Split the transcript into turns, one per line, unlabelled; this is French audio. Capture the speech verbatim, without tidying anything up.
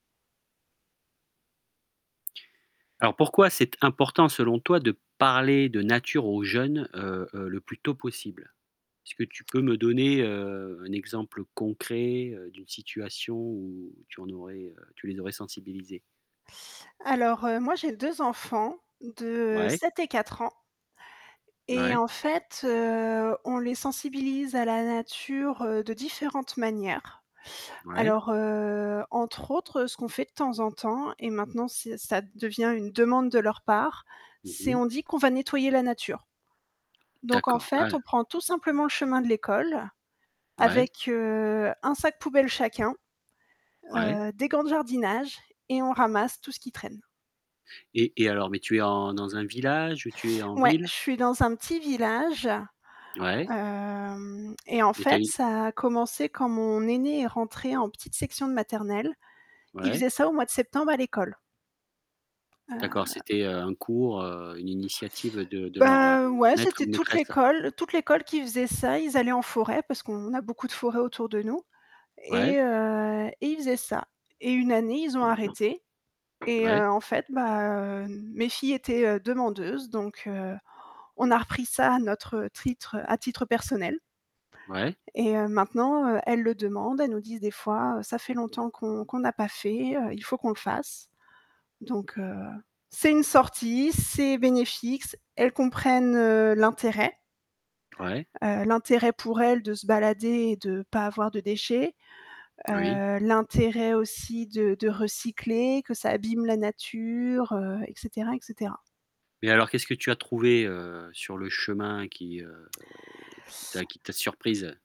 Alors pourquoi c'est important selon toi de parler de nature aux jeunes, heu, heu, le plus tôt possible? Est-ce que tu peux me donner, heu, un exemple concret, heu, d'une situation où tu en aurais, heu, tu les aurais sensibilisés?
Alors, heu, moi j'ai deux enfants de
Ouais.
sept et quatre ans, et
Ouais.
en fait, heu, on les sensibilise à la nature, heu, de différentes manières.
Ouais.
Alors, heu, entre autres, ce qu'on fait de temps en temps et maintenant c'est ça devient une demande de leur part,
Mmh
c'est
mh.
on dit qu'on va nettoyer la nature. Donc en
D'accord.
fait, on
Ouais.
prend tout simplement le chemin de l'école
Ouais.
avec, heu, un sac poubelle chacun,
Ouais.
heu, des gants de jardinage et on ramasse tout ce qui traîne.
Et et alors, mais tu es en dans un village ou tu es en
Ouais, je
ville?
suis dans un petit village,
Ouais.
hem, et en
Et tu as
fait
une
ça a commencé quand mon aînée est rentrée en petite section de maternelle. Il
Ouais.
faisait ça au mois de septembre à l'école.
D'accord,
Heu
c'était, heu, un cours, heu, une initiative de de leur, heu,
Ben, ouais,
maître
c'était
ou
toute
maîtresse.
l'école toute l'école qui faisait ça, ils allaient en forêt parce qu'on a beaucoup de forêts autour de nous et
Ouais.
heu, et ils faisaient ça. Et une année, ils ont arrêté et
Ouais.
heu, en fait, bah, heu, n mes filles étaient, heu, demandeuses, donc heu, on a repris ça à notre titre à titre personnel.
Ouais.
Et heu, maintenant, heu, elles le demandent, elles nous disent des fois, «Ca fait longtemps qu'on qu'on n'a pas fait, heu, il faut qu'on le fasse». Donc heu, c'est une sortie, c'est bénéfique, c elles comprennent l'intérêt
Ouais.
heu, l'intérêt pour elles de se balader et de pas avoir de déchets,
Oui.
heu, l'intérêt aussi de de recycler, que ça abîme la nature, heu, et cetera, et cetera.
Mais alors qu'est-ce que tu as trouvé, heu, sur le chemin qui, heu, qui t'a qui t'a surprise?